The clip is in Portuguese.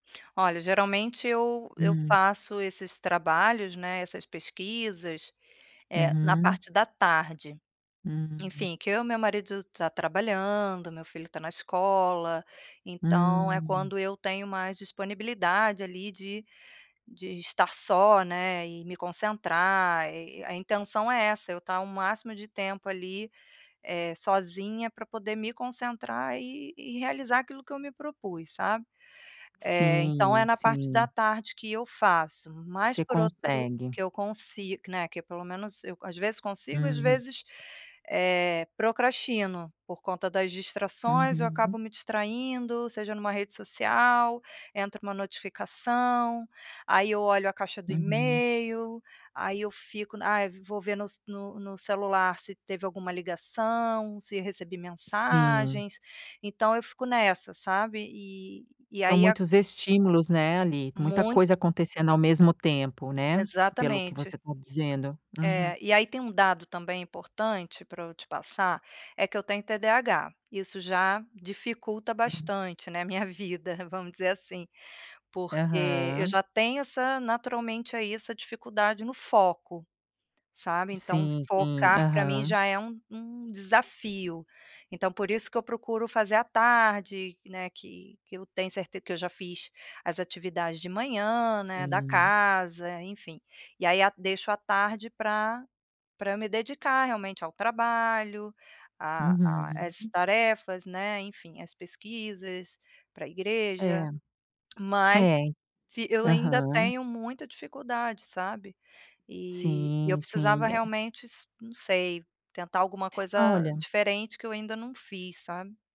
Olha, geralmente eu eu Hum. faço esses trabalhos, né, essas pesquisas, eh, na Uhum. parte da tarde. Hum. Enfim, que eu e meu marido tá trabalhando, meu filho está na escola, então é Hum. quando eu tenho mais disponibilidade ali de de estar só, né, e me concentrar. E a intenção é essa, eu tá o máximo de tempo ali, eh, sozinha pra poder me concentrar e e realizar aquilo que eu me propus, sabe? Eh, então é Sim, na parte da sim. tarde que eu faço, Que mas você por outro consegue. que eu consigo que né, que pelo menos eu, às vezes consigo, às Uhum. vezes, eh, procrastino, por conta das distrações eu acabo Uhum. me distraindo. Seja numa rede social, entra uma notificação, aí eu olho a caixa do Uhum. email, aí eu fico n ai vou ver no s no no celular se teve alguma ligação, se recebi Sim. mensagens, então eu fico nessa sabe e e São aí a muitos estímulos, né, ali, muita Muito. coisa acontecendo ao mesmo tempo, né, pelo que Exatamente. você está dizendo. Uhum. É, e aí tem um dado também importante pra eu te passar, é que eu tenho TDAH. Isso já dificulta Hum. bastante, né, minha vida, vamos dizer assim. Porque eu Aham. já tenho essa naturalmente aí, essa dificuldade no foco, sabe, então Sim, sim, focar pra mim aham. já é um um desafio. Então por isso que eu procuro fazer à tarde, né, que que eu tenho certe que eu já fiz as atividades de manhã, né, da Sim. casa, enfim. E aí a deixo à tarde pra pra me dedicar realmente ao trabalho, a a às Uhum. tarefas, né, enfim, às pesquisas pra É. igreja. Mas É. fi eu ainda Aham. tenho muita dificuldade, sabe. E e eu Sim, precisava sim, é. realmente s não sei, tentar alguma coisa Olha diferente que eu ainda não fiz, sabe?